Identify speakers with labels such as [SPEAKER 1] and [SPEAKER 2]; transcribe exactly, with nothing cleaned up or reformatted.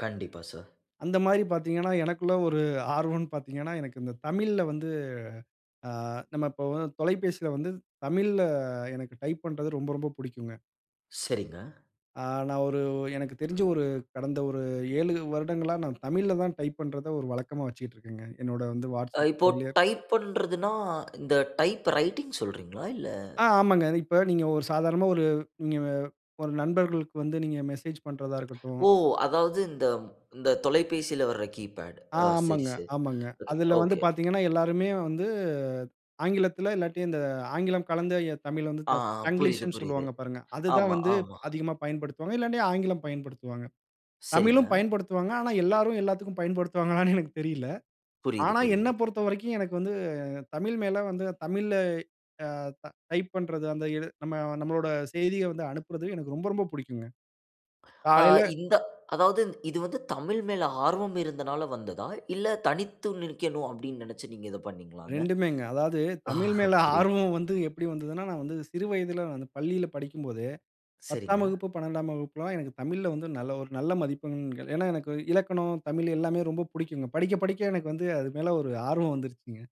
[SPEAKER 1] கண்டிப்பா, சார்.
[SPEAKER 2] அந்த மாரி பாத்தீங்கன்னா, எனக்குள்ள ஒரு ஆர்வன்னு பாத்தீங்கன்னா, எனக்கு இந்த தமிழ்ல வந்து ஆ நம்ம இப்ப வ தொலைபேசில வந்து, தமிழ்ல எனக்கு டைப் பண்றது ரொம்ப ரொம்ப புடிக்குங்க.
[SPEAKER 1] சரிங்க.
[SPEAKER 2] ஆ நான் ஒரு எனக்கு தெரிஞ்சு ஒரு கடந்த ஒரு ஏழு வருடங்களா நான் தமிழ்ல தான் டைப் பண்றத ஒரு வழக்கமா வச்சிக்கிட்ருக்கேங்க. என்னோட வந்து
[SPEAKER 1] அ
[SPEAKER 2] WhatsApp
[SPEAKER 1] இப்போ
[SPEAKER 2] செயலிய
[SPEAKER 1] டைப் பண்றதுனா, இந்த டைப் ரைட்டிங் சொல்றீங்களா இல்ல
[SPEAKER 2] ஆ ஆமாங்க. இப்ப நீங்க ஒரு சாதாரணமா ஒரு, நீங்க வ ஒரு நண்பர்களுக்கு வந்து நீங்க மெசேஜ் பண்றதா இருக்கட்டும்
[SPEAKER 1] ஒ! அதாவது இந்த இந்த தொலைபேசியில வர்ற கீ பேட்
[SPEAKER 2] ஆ
[SPEAKER 1] அ சரி,
[SPEAKER 2] ஆமாங்க,
[SPEAKER 1] சரி.
[SPEAKER 2] ஆமாங்க.
[SPEAKER 1] அ, ஒகே
[SPEAKER 2] அதில வந்து
[SPEAKER 1] ஓகே.
[SPEAKER 2] பாத்தீங்கன்னா, எல்லாருமே வந்து, ஆங்கிலத்தில, இல்லாட்டி இந்த ஆங்கிலம் கலந்த எ தமிழ்ல வந்து
[SPEAKER 1] ஆ, அ புரியுது,
[SPEAKER 2] தங்கிலீஷ்ன்னு
[SPEAKER 1] புரியுது.
[SPEAKER 2] சொல்லுவாங்க பாருங்க. அது தான்
[SPEAKER 1] ஆமா,
[SPEAKER 2] வந்து இப்ப
[SPEAKER 1] ஆமா.
[SPEAKER 2] அதிகமா பயன்படுத்துவாங்க. இல்லாட்டி ஆங்கிலம் பயன்படுத்துவாங்க.
[SPEAKER 1] சரிங்க.
[SPEAKER 2] தமிழும் பயன்படுத்துவாங்க. ஆனா எல்லாரும் எல்லாத்துக்கும் பயன்படுத்துவாங்களான்னு எனக்கு தெரியலை.
[SPEAKER 1] புரியுது,
[SPEAKER 2] ஆனா,
[SPEAKER 1] புரியுது.
[SPEAKER 2] என்னைப் பொறுத்த வரைக்கும், எனக்கு வந்து தமிழ் மேல வந்து தமிழ்ல அ டைப் பண்றது அந்த இது நம்ம நம்மளோட செய்திய வந்து அனுப்புறது எனக்கு ரொம்ப ரொம்ப புடிக்குங்க.
[SPEAKER 1] ஆ
[SPEAKER 2] காலையில
[SPEAKER 1] இந்த அதாவது இது வந்து தமிழ் மேல ஆர்வம் இருந்தனால வந்ததா? இல்ல தனித்து நிற்கணும், அப்பிடின்னு நெனச்சு நீங்க இத பண்ணீங்களாங்க?
[SPEAKER 2] ரெண்டுமேங்க. அதாவது
[SPEAKER 1] ஆ
[SPEAKER 2] தமிழ் மேல
[SPEAKER 1] புரியுது.
[SPEAKER 2] ஆர்வம் வந்து எப்பிடி வந்ததுன்னா, நான் வந்து சிறு வயதில வந்து பள்ளியில படிக்கும்போதே, பத்தாம்
[SPEAKER 1] சரிங்க.
[SPEAKER 2] வகுப்பு, பன்னெண்டாம் வகுப்புலாம், எனக்கு தமிழ்ல வந்து நல்ல, ஒரு நல்ல மதிப்பெண்கள் ஏன்னா, எனக்கு இலக்கணம், தமிழ் எல்லாமே ரொம்ப புடிக்குங்க. படிக்க, படிக்க எனக்கு வந்து அது மேல ஒரு ஆர்வம் வந்துருச்சுங்க.